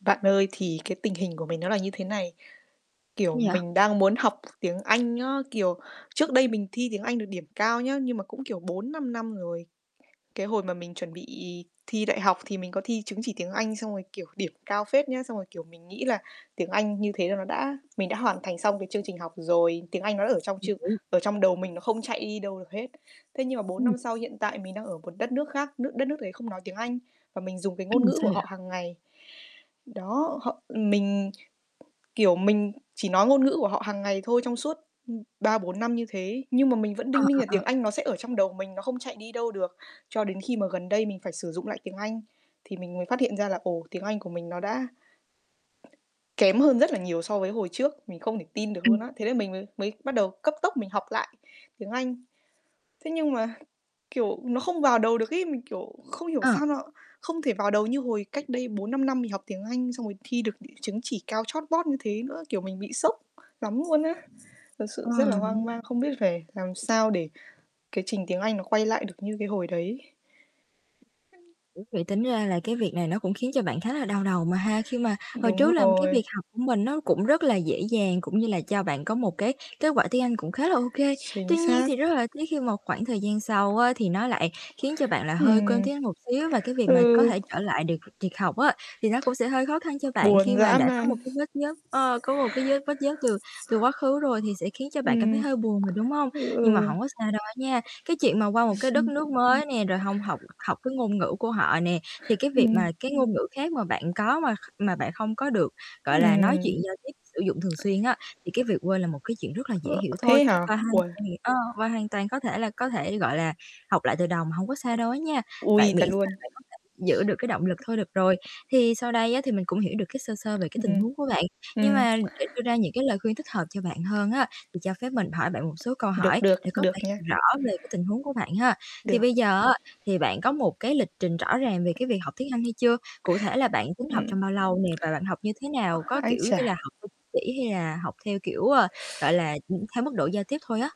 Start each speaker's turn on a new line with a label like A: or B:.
A: Bạn ơi, thì cái tình hình của mình nó là như thế này, kiểu,
B: Gì vậy?
A: mình đang muốn học tiếng Anh ớ, kiểu, trước
B: [unintelligible]
A: đây mình thi tiếng Anh được điểm cao nhá, nhưng mà cũng, kiểu, 4-5 năm rồi. Cái hồi mà mình chuẩn bị thi đại học thì mình có thi chứng chỉ tiếng Anh xong rồi, kiểu, điểm cao phết nhá, xong rồi, kiểu, mình nghĩ là tiếng Anh như thế là nó đã mình đã hoàn thành xong cái chương trình học rồi, tiếng Anh nó ở trong trương
B: [unintelligible]
A: ở trong đầu mình nó không chạy đi đâu được hết. Thế nhưng mà 4
B: Ừm.
A: năm sau hiện tại mình đang ở một đất nước khác, nước đất nước đấy không nói tiếng Anh và mình dùng cái ngôn
B: Ừm,
A: ngữ
B: sao
A: của
B: vậy?
A: họ hàng ngày. Đó, họ ừm, mình, kiểu, mình chỉ nói ngôn ngữ của họ hàng ngày thôi trong suốt, ưm, 3-4 năm như thế. Nhưng mà mình vẫn
B: Ờ,
A: đinh ninh
B: ờ,
A: là
B: ờ.
A: tiếng Anh nó sẽ ở trong đầu mình, nó không chạy đi đâu được, cho đến khi mà gần đây mình phải sử dụng lại tiếng Anh thì mình mới phát hiện ra là, ồ, tiếng Anh của mình nó đã kém hơn rất là nhiều so với hồi trước. Mình không thể tin được luôn
B: Ừm.
A: á. Thế là mình mới mới bắt đầu cấp tốc mình học lại tiếng Anh. Thế nhưng mà, kiểu, nó không vào đầu được ấy, mình, kiểu, không hiểu
B: Ờ.
A: sao nó không thể vào đầu như hồi cách đây 4-5 năm mình học tiếng Anh xong rồi thi được đ chứng chỉ cao chót vót như thế nữa, kiểu, mình bị sốc lắm luôn á. Thật sự
B: Ờ,
A: rất là hoang
B: ưm.
A: mang không biết phải làm sao để cái trình tiếng Anh nó quay lại được như cái hồi đấy.
B: Ủa, vậy tính ra là cái việc này nó cũng khiến cho bạn khá là đau đầu mà ha, khi mà hồi trước
A: Đúng
B: là cái
A: rồi.
B: việc học của mình nó cũng rất là dễ dàng cũng như là cho bạn có một cái kết quả tiếng Anh cũng khá là ô kê.
A: Chính
B: Tuy nhiên
A: xác.
B: thì rất là tiếc khi mà khoảng thời gian sau á thì nó lại khiến cho bạn là hơi quên
A: Ừm.
B: tiếng Anh một xíu và cái việc mà có
A: Ừ.
B: thể trở lại được việc học á thì nó cũng sẽ hơi khó khăn cho bạn khi
A: Buồn
B: mà
A: dã
B: đã có
A: man.
B: một cái vết nhớt ơ, có một cái vết vết nhớt từ từ quá khứ rồi thì sẽ khiến cho bạn cảm thấy
A: Ừm.
B: hơi buồn mà, đúng hông? Nhưng mà
A: Ừ.
B: hổng có sao đâu á nha, cái chuyện mà qua một cái đất nước mới nè rồi hông học học cái ngôn ngữ của họ nè, thì cái việc
A: Ừm.
B: mà cái ngôn ngữ khác mà bạn có mà kh mà bạn không có được, gọi là, nói chuyện
A: Ừm.
B: giao tiếp, sử dụng thường xuyên á thì cái việc quên là một cái chuyện rất là dễ
A: Ờ,
B: hiểu thôi
A: thế hả?
B: và hoàn
A: Uầy.
B: toàn ơ, và hoàn toàn có thể là có thể, gọi là, học lại từ đầu mà, hông có sao đâu á nha.
A: Ôi,
B: Bạn miễn
A: thật luôn.
B: sao bạn có thể giữ được cái động lực thôi được rồi. Thì sau đây á thì mình cũng hiểu được cái sơ sơ về cái tình
A: Ừm,
B: huống của bạn, nhưng
A: ừm.
B: mà để đưa ra những cái lời khuyên thích hợp cho bạn hơn á thì cho phép mình hỏi bạn một số câu
A: Được,
B: hỏi
A: được,
B: để có
A: được
B: thể
A: nha.
B: rõ về cái tình huống của bạn ha. Thì
A: Được.
B: bây giờ á thì bạn có một cái lịch trình rõ ràng về cái việc học tiếng Anh hay chưa? Cụ thể là bạn tính học
A: Ừm.
B: trong bao lâu nè và bạn học như thế nào? Có,
A: Ái
B: kiểu như
A: chà.
B: là, học [unintelligible] hay là học theo, kiểu, ờ, gọi là, ừm, theo mức độ giao tiếp thôi á?